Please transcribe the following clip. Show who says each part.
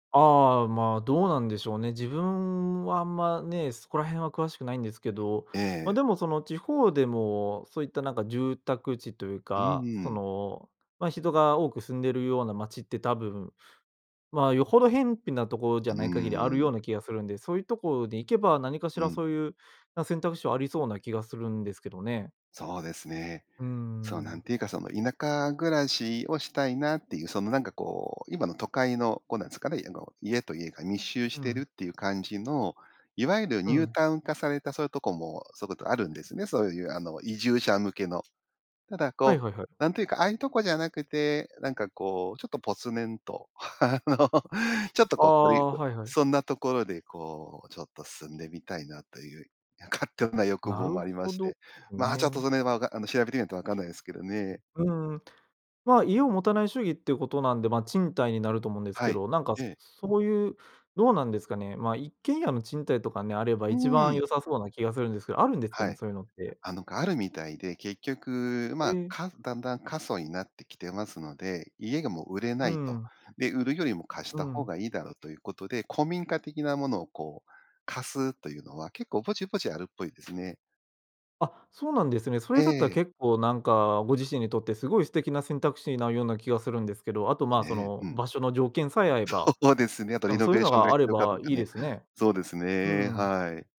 Speaker 1: ああ、ま、どうなんでしょうね。自分はあんまね、そこら辺は詳しくないんですけど、
Speaker 2: え
Speaker 1: ま、
Speaker 2: え。
Speaker 1: でも、その地方でもそういったなんか住宅地という
Speaker 2: うん
Speaker 1: か、
Speaker 2: う
Speaker 1: そ
Speaker 2: ん。
Speaker 1: の、まあ、人が多く住んでるような街って多分、まあ、よほど辺鄙なところじゃ
Speaker 2: うー
Speaker 1: ない限り、あるよ
Speaker 2: ん。
Speaker 1: うな気がするんで、そういうとこに行けば、何かし
Speaker 2: う
Speaker 1: ら
Speaker 2: ん。
Speaker 1: そういう、な選択肢はありそうな気がするんですけどね。
Speaker 2: そうですね。
Speaker 1: うー
Speaker 2: そうなん
Speaker 1: ん。
Speaker 2: て言うか、その田舎暮らしをしたいなっていう、その、なんかこう、今の都会のこう、なんですかね、家と家が密集し
Speaker 1: う
Speaker 2: てる
Speaker 1: ん。
Speaker 2: っていう感じの、いわゆるニ
Speaker 1: う
Speaker 2: ュー
Speaker 1: ん。
Speaker 2: タウン化されたそういうとこも、そういうことあるんですね。そういうあの、移住者向けの。ただ
Speaker 1: はい
Speaker 2: こ
Speaker 1: はいはい。
Speaker 2: う、なんて言うか、ああいうとこじゃなくて、なんかこう、ちょっとぽつねんとあの、ちょっと
Speaker 1: あ
Speaker 2: こう、
Speaker 1: あ、はいはい。
Speaker 2: そんなところで、こう、ちょっと住んでみたいな、という勝手な欲
Speaker 1: な
Speaker 2: 望
Speaker 1: る
Speaker 2: もありま
Speaker 1: ほ
Speaker 2: し
Speaker 1: ど、
Speaker 2: て、
Speaker 1: ん
Speaker 2: まあ、ちょっと
Speaker 1: ね。
Speaker 2: それはわかあの、調べてみないと分かんないですけどね。
Speaker 1: うん、ま、家を持たない主義っていうことなんで、ま、賃貸になると思うんです
Speaker 2: は
Speaker 1: け
Speaker 2: い。
Speaker 1: ど、なんか
Speaker 2: ええ。
Speaker 1: そういう、どうなんですかね。まあ、一軒家の賃貸とかね、あれば
Speaker 2: うー
Speaker 1: 一番
Speaker 2: ん。
Speaker 1: 良さそうな気がするんですけど、あるんですか
Speaker 2: は
Speaker 1: ね、
Speaker 2: い。
Speaker 1: そういうのって。
Speaker 2: あのがあるみたいで、結局、
Speaker 1: え
Speaker 2: ま、
Speaker 1: え。
Speaker 2: かだんだん過疎になってきてますので、家がもう売れ
Speaker 1: う
Speaker 2: ないと。
Speaker 1: ん。
Speaker 2: で、売るよりも貸し
Speaker 1: う
Speaker 2: た方
Speaker 1: ん。
Speaker 2: がいいだろうということで、古民家的なものをこう、貸すというのは結構ぼちぼちあるっぽいですね。
Speaker 1: あ、そうなんですね。それ
Speaker 2: え
Speaker 1: だったら
Speaker 2: え。
Speaker 1: 結構なんか、ご自身にとってすごい素敵な選択肢になるような気がするんですけど、あとまあ、そ
Speaker 2: ね、
Speaker 1: の、
Speaker 2: うん。
Speaker 1: 場所の条件さえ合えば、
Speaker 2: そうですね。やっぱ
Speaker 1: な
Speaker 2: リ
Speaker 1: んか
Speaker 2: ノ
Speaker 1: そうい
Speaker 2: ベ
Speaker 1: う
Speaker 2: ー
Speaker 1: の
Speaker 2: ションが
Speaker 1: があ
Speaker 2: 必
Speaker 1: れ
Speaker 2: 要かと
Speaker 1: ば
Speaker 2: か
Speaker 1: いい
Speaker 2: ね。
Speaker 1: ですね。
Speaker 2: そうです
Speaker 1: う
Speaker 2: ね。
Speaker 1: ん。
Speaker 2: はい。